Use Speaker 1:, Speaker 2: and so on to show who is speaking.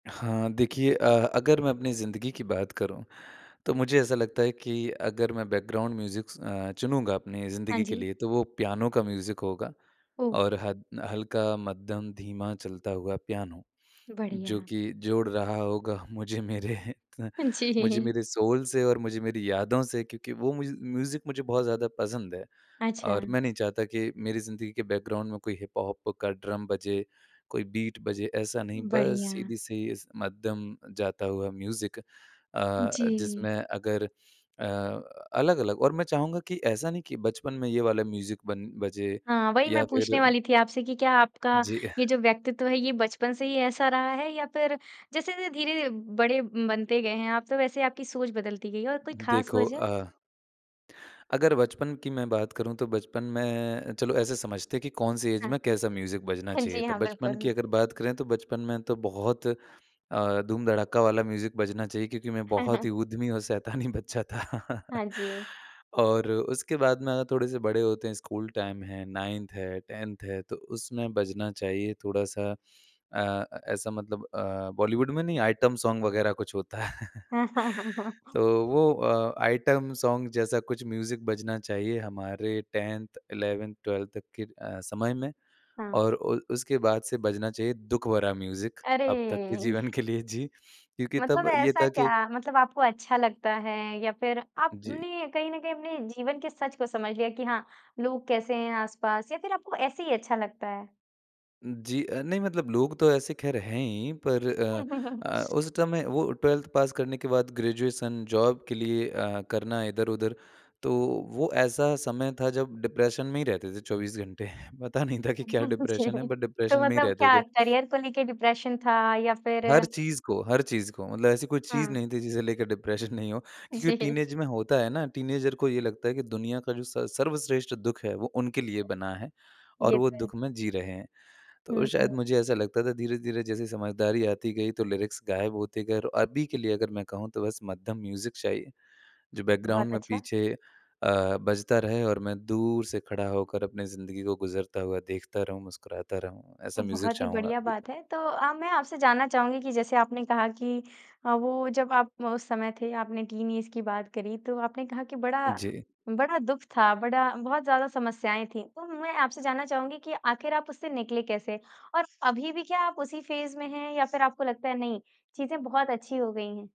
Speaker 1: हाँ, देखिए अ, अगर मैं अपनी ज़िंदगी की बात करूँ, तो मुझे ऐसा लगता है कि अगर मैं बैकग्राउंड म्यूज़िक स अ, चुनूँगा अपनी
Speaker 2: हाँ
Speaker 1: ज़िंदगी के
Speaker 2: जी।
Speaker 1: लिए तो वो पियानो का म्यूज़िक होगा,
Speaker 2: ओह!
Speaker 1: और हद हल्का, मध्यम, धीमा चलता हुआ पियानो, जो
Speaker 2: बढ़िया।
Speaker 1: कि जोड़ रहा होगा मुझे मेरे
Speaker 2: जी।
Speaker 1: मुझे मेरे सोल से और मुझे मेरी यादों से क्योंकि वो म्यूज़ म्यूज़िक मुझे बहुत ज़्यादा पसंद है,
Speaker 2: अच्छा।
Speaker 1: और मैं नहीं चाहता कि मेरी ज़िंदगी के बैकग्राउंड में कोई हिपहॉप का ड्रम बजे, कोई बीट बजे, ऐसा नहीं बस
Speaker 2: बढ़िया।
Speaker 1: सीधी सी, मध्यम जाता हुआ म्यूज़िक अ अ,
Speaker 2: जी।
Speaker 1: जिसमें अगर अ, अलग-अलग और मैं चाहूँगा कि ऐसा नहीं कि बचपन में ये वाला म्यूज़िक बन बजे
Speaker 2: हाँ, वही मैं
Speaker 1: या
Speaker 2: पूछने
Speaker 1: फिर
Speaker 2: वाली थी आपसे कि क्या आपका
Speaker 1: जी।
Speaker 2: ये जो व्यक्तित्व है ये बचपन से ही ऐसा रहा है या फिर जैसे-जैसे धीरे ध बड़े बनते गए हैं आप तो वैसे आपकी सोच बदलती गई है और कोई ख़ास
Speaker 1: देखो
Speaker 2: वजह?
Speaker 1: अ अगर बचपन की मैं बात करूँ तो बचपन में चलो ऐसे समझते हैं कि कौन-सी ऐज
Speaker 2: हाँ।
Speaker 1: में कैसा म्यूज़िक बजना
Speaker 2: हाँ
Speaker 1: चाहिए
Speaker 2: जी,
Speaker 1: था?
Speaker 2: हाँ,
Speaker 1: बचपन की
Speaker 2: बिल्कुल।
Speaker 1: अगर बात करें तो बचपन में तो बहुत अ, धूम-धड़ाका वाला म्यूज़िक बजना चाहिए क्योंकि मैं बहुत ही उद्यमी और शैतानी बच्चा था।
Speaker 2: हाँ जी।
Speaker 1: और उसके बाद में अगर थोड़े-से बड़े होते हैं, स्कूल टाइम है, 9th है, 10th है, तो उसमें बजना चाहिए थोड़ा-सा अ अ, ऐसा मतलब अ, बॉलीवुड में नहीं आइटम सोंग वगैरह कुछ होता है। तो वो अ, आइटम सोंग जैसा कुछ म्यूज़िक बजना चाहिए हमारे 10th 11th 12th तक के अ, समय में,
Speaker 2: हाँ।
Speaker 1: और ओल उसके बाद से बजना चाहिए दुःख भरा म्यूज़िक
Speaker 2: अरे!
Speaker 1: अब तक के जीवन के लिए जी। क्योंकि
Speaker 2: मतलब
Speaker 1: तब ये
Speaker 2: ऐसा
Speaker 1: था कि
Speaker 2: क्या? मतलब आपको अच्छा लगता है या फिर
Speaker 1: जी।
Speaker 2: आपने कहीं न कहीं अपने जीवन के सच को समझ लिया कि हाँ, लोग कैसे हैं आस-पास या फिर आपको ऐसे ही अच्छा लगता है?
Speaker 1: जी, अ, नहीं मतलब लोग तो ऐसे खैर हैं ही, पर अ अ, उस समय वो 12th पास करने के बाद ग्रेजुएशन जॉब के लिए अ, करना इधर-उधर, तो वो ऐसा समय था जब डिप्रेशन में ही रहते थे 24 घंटे। पता नहीं था कि क्या डिप्रेशन है
Speaker 2: जी।
Speaker 1: बट
Speaker 2: तो
Speaker 1: डिप्रेशन में ही
Speaker 2: मतलब
Speaker 1: रहते
Speaker 2: क्या
Speaker 1: थे।
Speaker 2: करियर को लेके डिप्रेशन था या फिर
Speaker 1: हर चीज़ को हर चीज़ को, मतलब ऐसी कोई चीज़
Speaker 2: हुँ।
Speaker 1: नहीं थी जिसे लेके डिप्रेशन नहीं हो क्योंकि
Speaker 2: जी।
Speaker 1: टीनेज में होता है ना टीनेजर को ये लगता है कि दुनिया का जो स सर्वश्रेष्ठ दुःख है, वो उनके लिए बना है और
Speaker 2: ये
Speaker 1: वो
Speaker 2: तो है।
Speaker 1: दुःख में जी रहे हैं। तो
Speaker 2: हुँ, हुँ।
Speaker 1: शायद मुझे ऐसा लगता था धीरे-धीरे जैसे समझदारी आती गई तो लिरिक्स गायब होते गए और अभी के लिए अगर मैं कहूँ तो बस मध्यम म्यूज़िक चाहिए, जो
Speaker 2: बहुत
Speaker 1: बैकग्राउंड में
Speaker 2: अच्छा।
Speaker 1: पीछे अ, बजता रहे और मैं दूर से खड़ा होकर अपनी ज़िंदगी को गुज़रता हुआ देखता रहूँ मुस्कुराता रहूँ,
Speaker 2: तो
Speaker 1: ऐसा म्यूज़िक
Speaker 2: बहुत ही
Speaker 1: चाहूँगा
Speaker 2: बढ़िया
Speaker 1: अभी।
Speaker 2: बात है। तो अ, मैं आपसे जानना चाहूँगी कि जैसे आपने कहा कि अ, वो जब आप उस समय थे आपने टीन ऐज की बात करी तो आपने कहा कि बड़ा
Speaker 1: जी।
Speaker 2: बड़ा दुःख था बड़ा बहुत ज़्यादा समस्याएँ थी तो मैं आपसे जानना चाहूँगी कि आखिर आप उससे निकले कैसे? और अभी भी क्या आप उसी फ़ेज़ में हैं या फिर आपको लगता है नहीं, चीज़ें बहुत अच्छी हो गई हैं?